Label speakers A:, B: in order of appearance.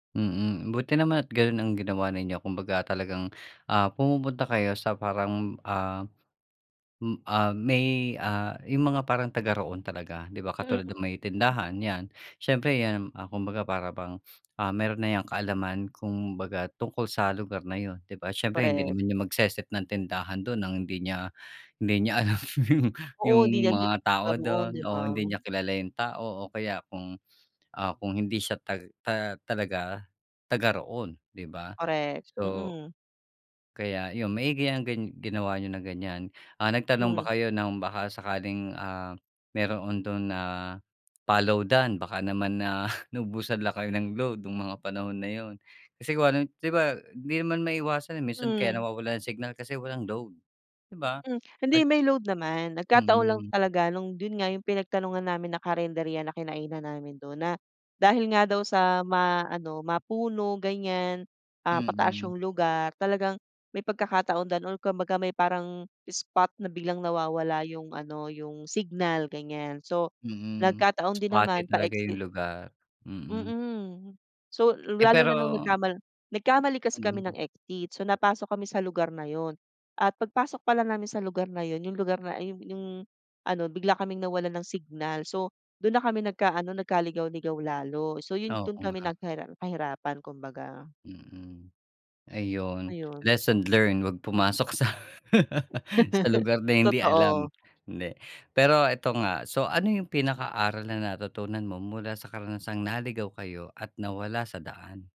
A: Mm, buti naman at ganun ang ginawa ninyo, kumbaga talagang, ah, pumupunta kayo sa parang, ah, mm ah, may, ah, yung mga parang taga-roon talaga, di ba, katulad ng
B: Mm.
A: may tindahan yan. Siyempre, iyan, ah, kumbaga, para bang, ah, meron na yang kaalaman, kumbaga, tungkol sa lugar na iyon, ’di ba? Siyempre, hindi rin
B: Korek.
A: naman niyan magse-set ng tindahan doon nang hindi niya hindi niya alam yung yung
B: Oo, hindi yan di
A: mga
B: ba
A: tao
B: noon,
A: doon
B: di ba?
A: o hindi niya kilala yung tao, o kaya kung, ah, kung hindi siya tag ta talaga taga-roon, ’di ba?
B: Korek,
A: So,
B: mhm.
A: Kaya yun, maigi yang gan ginawa niyo na ganyan. Ah, nagtanong ba
B: Hmm.
A: kayo ng baka sakaling, ah, meroon dun na pa-loadan, baka naman na naubusan lang kayo ng load nung mga panahon na yun? Kasi, kung ano, di ba, hindi man maiwasan. Minsan kaya
B: Hmm.
A: nawawalan ng signal kasi walang load, di ba?
B: Mm, hindi
A: At.
B: may load naman. Nagkataon lang
A: Mm.
B: talaga nung dun nga yung pinagtanungan namin na karinderya na kinainan namin dun na dahil nga daw sa ma-ano, ma-puno ganyan. Ah, pataas
A: Mm.
B: yung lugar talagang may pagkakataon daw or kumbaga may parang spot na biglang nawawala yung ano, yung signal, ganyan. So,
A: Mm,
B: nagkataon din
A: spoty
B: naman
A: talaga
B: pa-exit
A: yung lugar, mm.
B: Mm, so
A: Eh,
B: lalo na nung
A: pero
B: nagkamal nagkamali kasi kami
A: mm.
B: ng exit. So, napasok kami sa lugar na iyon. At pagpasok pala namin sa lugar na iyon, yung lugar na ayung, yung ano, bigla kaming nawalan ng signal. So dun na kami nagka-ano nagka-ligaw-ligaw lalo. So yun dun
A: Oo,
B: kami
A: nga.
B: nagharar na hirapan, kumbaga.
A: Mm, ayun
B: Ayun.
A: lesson learned, wag pumasok sa, Sa lugar na hindi alam,
B: Totoo.
A: hindi. Pero eto nga, so ano yung pinaka-aral na natutunan mo mula sa karanasang naligaw kayo at nawala sa daan?